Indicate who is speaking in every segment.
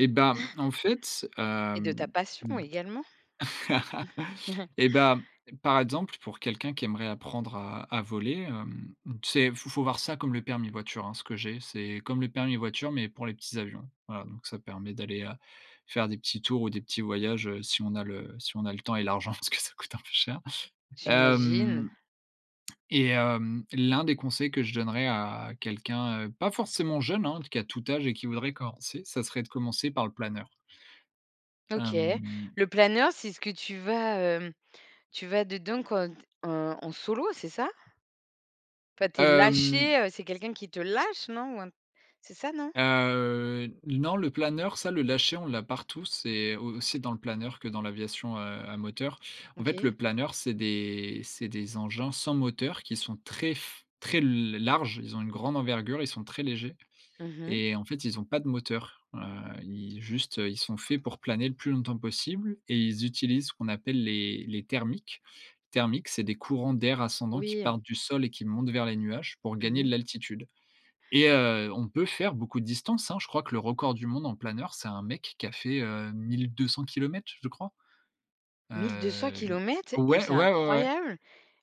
Speaker 1: Et bah, en fait,
Speaker 2: Et de ta
Speaker 1: hem,
Speaker 2: passion
Speaker 1: mmh,
Speaker 2: également!
Speaker 1: et bah, par exemple, pour quelqu'un qui aimerait apprendre à à voler, hem, tu sais, faut faut voir ça comme le permis voiture, hein, ce que j'ai, c'est comme le permis voiture, mais pour les petits avions. Voilà, donc ça permet d'aller, heu, faire des petits tours ou des petits voyages, heu, si on a le si on a le temps et l'argent parce que ça coûte un peu cher. Hem
Speaker 2: J'imagine.
Speaker 1: et hem, l'un des conseils que je donnerais à quelqu'un, heu, pas forcément jeune, hein, qui a tout âge et qui voudrait commencer, ça serait de commencer par le planeur.
Speaker 2: OK,
Speaker 1: Hem
Speaker 2: le planeur c'est ce que tu vas, hem, tu vas dedans quand t en en solo, c'est ça? Enfin tu es
Speaker 1: Hem
Speaker 2: lâché, heu, c'est quelqu'un qui te lâche non? Ou un c'est ça, non?
Speaker 1: Heu, n non le planeur, ça, le lâcher, on l'a partout, c'est au aussi dans le planeur que dans l'aviation, heu, à moteur. En fait,
Speaker 2: OK.
Speaker 1: le planeur, c'est des c'est des engins sans moteur qui sont très f très l larges. Ils ont une grande envergure, ils sont très légers
Speaker 2: Mmh mh.
Speaker 1: et en fait ils ont pas de moteur, heu, i juste, ils sont faits pour planer le plus longtemps possible et ils utilisent ce qu'on appelle les les thermiques. Thermiques, c'est des courants d'air ascendants qui
Speaker 2: Oui.
Speaker 1: partent du sol et qui montent vers les nuages pour
Speaker 2: Mmh
Speaker 1: gagner de
Speaker 2: mh.
Speaker 1: l'altitude et heu, on peut faire beaucoup de distance, hein! Je crois que le record du monde en planeur, c'est un mec qui a fait, heu, 1 200 km, je crois.
Speaker 2: mille deux-cents
Speaker 1: Heu,
Speaker 2: kilomètres? Et
Speaker 1: ouais, ouais,
Speaker 2: c'est
Speaker 1: ouais, ouais.
Speaker 2: incroyable!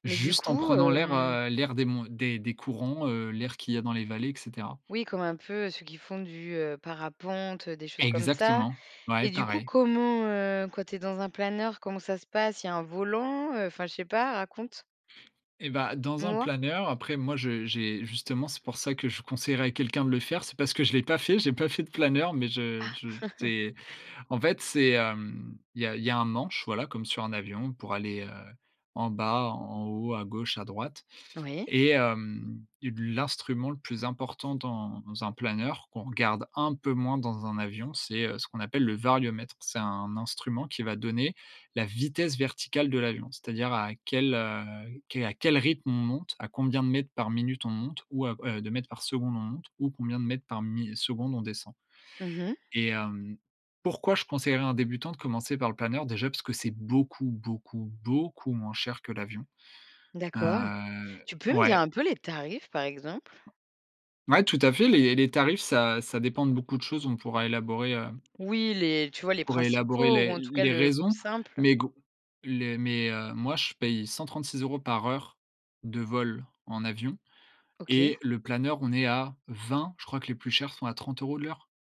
Speaker 2: Mais du
Speaker 1: Juste en
Speaker 2: coup,
Speaker 1: prenant l'air,
Speaker 2: hem
Speaker 1: heu, l'air des mon des des courants, heu, l'air qu'il y a dans les vallées et cetera.
Speaker 2: Oui, comme un peu ceux qui font du, heu, parapente, des choses comme ça
Speaker 1: Exactement, ouais,
Speaker 2: et du coup,
Speaker 1: pareil.
Speaker 2: comment, heu, quand tu es dans un planeur, comment ça se passe? Il y a un volant? Heu, enfin, je sais pas, raconte!
Speaker 1: Et bah dans un
Speaker 2: Moi
Speaker 1: planeur, après moi, je j'ai justement, c'est pour ça que je conseillerais à quelqu'un de le faire, c'est parce que je l'ai pas fait. J'ai pas fait de planeur, mais je
Speaker 2: Ah!
Speaker 1: je j'ai en fait, c'est, hem, il y a il y a un manche, voilà, comme sur un avion pour aller, heu, en bas, en haut, à gauche, à droite
Speaker 2: Oui.
Speaker 1: et hem, lu l'instrument le plus important dans dans un planeur, qu'on regarde un peu moins dans un avion, c'est, heu, ce qu'on appelle le variomètre. C'est un instrument qui va donner la vitesse verticale de l'avion, c'est-à-dire à quel, heu, quel à quel à quel rythme on monte, à combien de mètres par minute on monte ou à heu, de mètres par seconde on monte ou combien de mètres par mi seconde on descend.
Speaker 2: Mmh mh.
Speaker 1: Et hem, pourquoi je conseillerais à un débutant de commencer par le planeur? Déjà parce que c'est beaucoup, beaucoup, beaucoup moins cher que l'avion.
Speaker 2: D'accord,
Speaker 1: Heu,
Speaker 2: tu peux me dire
Speaker 1: ouais.
Speaker 2: un peu les tarifs, par exemple?
Speaker 1: Ouais, tout à fait, les les tarifs, ça ça dépend de beaucoup de choses. On pourra élaborer, heu
Speaker 2: Oui les tu vois les
Speaker 1: on pourra élaborer
Speaker 2: principaux ou
Speaker 1: les
Speaker 2: en
Speaker 1: l
Speaker 2: tout cas
Speaker 1: les
Speaker 2: le plus
Speaker 1: raisons,
Speaker 2: simple.
Speaker 1: mais glo les mais, heu, moi je paye 136 € par heure de vol en avion
Speaker 2: OK.
Speaker 1: et le planeur, on est à 20, je crois que les plus chers sont à 30 € de l'heure.